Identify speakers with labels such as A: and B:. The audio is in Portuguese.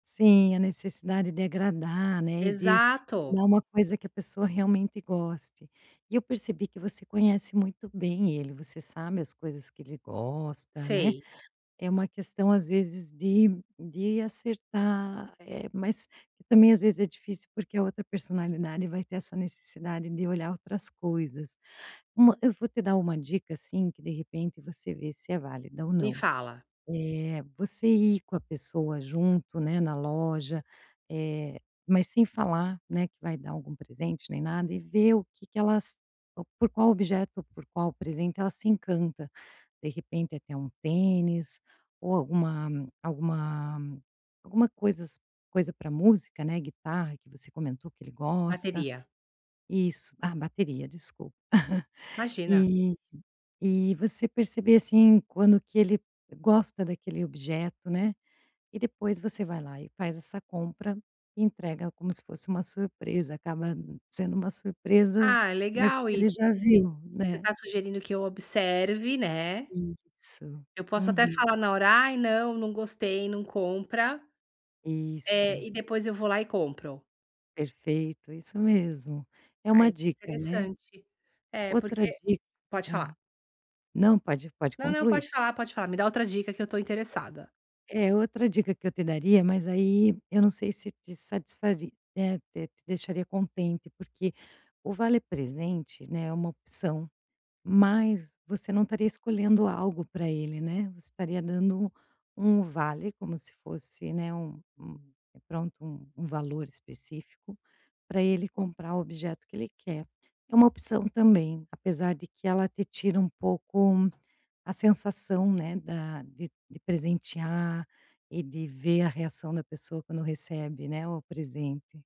A: Sim, a necessidade de agradar, né, e de,
B: Exato.
A: dar um coisa que a pessoa realmente goste. E eu percebi que você conhece muito bem ele, você sabe as coisas que ele gosta, né,
B: Sei.
A: é uma questão as vezes de de acertar, eh, mas que também as vezes é difícil porque a outra personalidade vai ter essa necessidade de olhar outras coisas. Uma eu vou te dar uma dica assim, que de repente você vê se é válida ou
B: Me
A: não.
B: fala.
A: Eh. Você ir com a pessoa junto né na loja, eh, mas sem falar, né, que vai dar algum presente nem nada, e ver o que que ela s por qual objeto ou por qual presente ela se encanta, de repente até um tênis ou alguma, alguma alguma coisas coisa pra música, né, guitarra, que você comentou que ele gosta,
B: Bateria.
A: isso ah, bateria desculpa,
B: Imagina.
A: e e você perceber assim quando que ele gosta daquele objeto, né, e depois você vai lá e faz essa compra, entrega como se fosse uma surpresa, acaba sendo uma surpresa,
B: Ah, é
A: mas
B: legal
A: ele
B: isso,
A: já
B: que
A: viu,
B: você
A: né.
B: tá sugerindo que eu observe, né.
A: Isso,
B: Eu posso até
A: uhum.
B: falar na hora, ai não, não gostei não compra, eh,
A: Isso.
B: e depois eu vou lá e compro.
A: Perfeito, isso mesmo. É
B: Ah,
A: uma
B: isso é
A: dica, né,
B: interessante, é
A: outra
B: porque.
A: dica,
B: Pode falar.
A: hã, não pode, pode
B: Não não,
A: concluir.
B: pode falar pode falar, me dá outra dica que eu tô interessada.
A: Eh, outra dica que eu te daria, mas aí, eu não sei se te satisfari eh, te te deixaria contente, porque o vale presente, né, é uma opção, mas você não estaria escolhendo algo pra ele, né, você estaria dando um vale, como se fosse, né, um um pronto um um valor específico, pra ele comprar objeto que ele quer, é uma opção também, apesar de que ela te tira um pouco a sensação, né, da de de presentear e de ver a reação da pessoa quando recebe, né, o presente.